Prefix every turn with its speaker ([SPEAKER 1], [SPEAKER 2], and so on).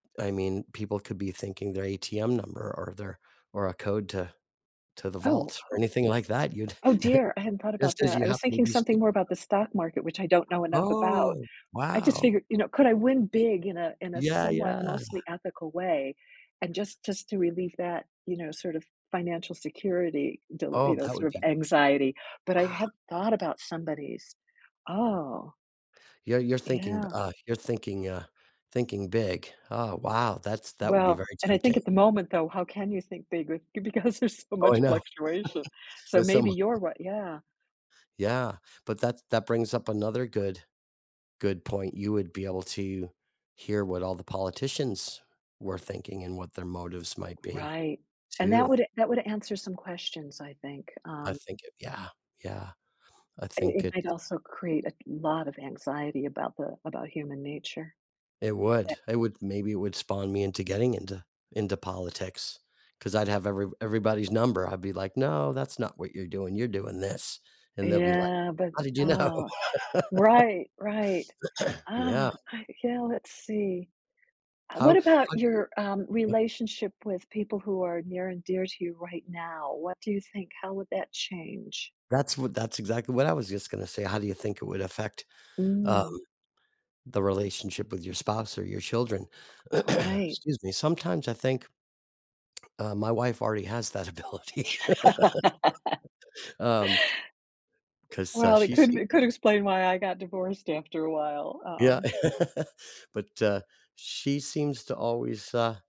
[SPEAKER 1] I mean, people could be thinking their ATM number or their or a code to to the
[SPEAKER 2] Oh
[SPEAKER 1] vaults, or
[SPEAKER 2] oh
[SPEAKER 1] anything like that, you'd
[SPEAKER 2] oh dear, I hadn't thought about
[SPEAKER 1] just as
[SPEAKER 2] that,
[SPEAKER 1] you
[SPEAKER 2] I was
[SPEAKER 1] happen to
[SPEAKER 2] thinking
[SPEAKER 1] be
[SPEAKER 2] something
[SPEAKER 1] speaking
[SPEAKER 2] more
[SPEAKER 1] to
[SPEAKER 2] about
[SPEAKER 1] them.
[SPEAKER 2] the stock market, which I don't know enough about.
[SPEAKER 1] Oh,
[SPEAKER 2] I just
[SPEAKER 1] wow.
[SPEAKER 2] figured, you know, could I win big in a in a
[SPEAKER 1] Yeah,
[SPEAKER 2] somewhat,
[SPEAKER 1] yeah.
[SPEAKER 2] mostly ethical way? And just just to relieve that, you know, sort of financial security, dil you
[SPEAKER 1] Oh,
[SPEAKER 2] know,
[SPEAKER 1] that would
[SPEAKER 2] sort of
[SPEAKER 1] be
[SPEAKER 2] anxiety, but I
[SPEAKER 1] Ah.
[SPEAKER 2] hadn't thought about somebody's oh.
[SPEAKER 1] Yeah, you're thinking,
[SPEAKER 2] Yeah.
[SPEAKER 1] uh you're thinking, uh thinking big. Oh, wow, that's that would be
[SPEAKER 2] Well
[SPEAKER 1] very
[SPEAKER 2] and I think
[SPEAKER 1] tempting.
[SPEAKER 2] at the moment, though, how can you think big, with because there's so
[SPEAKER 1] Oh, I
[SPEAKER 2] much
[SPEAKER 1] know.
[SPEAKER 2] fluctuation, so
[SPEAKER 1] There's so
[SPEAKER 2] maybe
[SPEAKER 1] mu
[SPEAKER 2] you're what yeah.
[SPEAKER 1] Yeah, but that that brings up another good good point, you would be able to hear what all the politicians were thinking and what their motives might be,
[SPEAKER 2] Right. And that
[SPEAKER 1] too.
[SPEAKER 2] would that would answer some questions, I think,
[SPEAKER 1] I
[SPEAKER 2] um
[SPEAKER 1] think it yeah, yeah. I
[SPEAKER 2] i
[SPEAKER 1] think
[SPEAKER 2] it might
[SPEAKER 1] it's
[SPEAKER 2] also create a lot of anxiety about the about human nature.
[SPEAKER 1] It
[SPEAKER 2] Tha
[SPEAKER 1] would, it would maybe it would spawn me into getting into into politics, 'cause I'd have every everybody's number, I'd be like, "No, that's not what you're doing, you're doing this." And they'll be like,
[SPEAKER 2] Yeah, but,
[SPEAKER 1] "How did you know?"
[SPEAKER 2] aw right, right. Oh,
[SPEAKER 1] Yeah.
[SPEAKER 2] I yeah, let's see. Uh, what
[SPEAKER 1] How,
[SPEAKER 2] about your, um,
[SPEAKER 1] [unintelligible]
[SPEAKER 2] relationship with people who are near and dear to you right now? What do you think how would that change?
[SPEAKER 1] That's wh that's exactly what I was just going to say, how do you think it would affect, um,
[SPEAKER 2] Mm.
[SPEAKER 1] the relationship with your spouse or your children?
[SPEAKER 2] Right.
[SPEAKER 1] Excuse me sometimes I think uh, my wife already has that ability. Um, 'cause, uh,
[SPEAKER 2] Well, it
[SPEAKER 1] she
[SPEAKER 2] could
[SPEAKER 1] seem
[SPEAKER 2] it could explain why I got divorced after a while,
[SPEAKER 1] Yeah.
[SPEAKER 2] um
[SPEAKER 1] But, uh, she seems to always, uh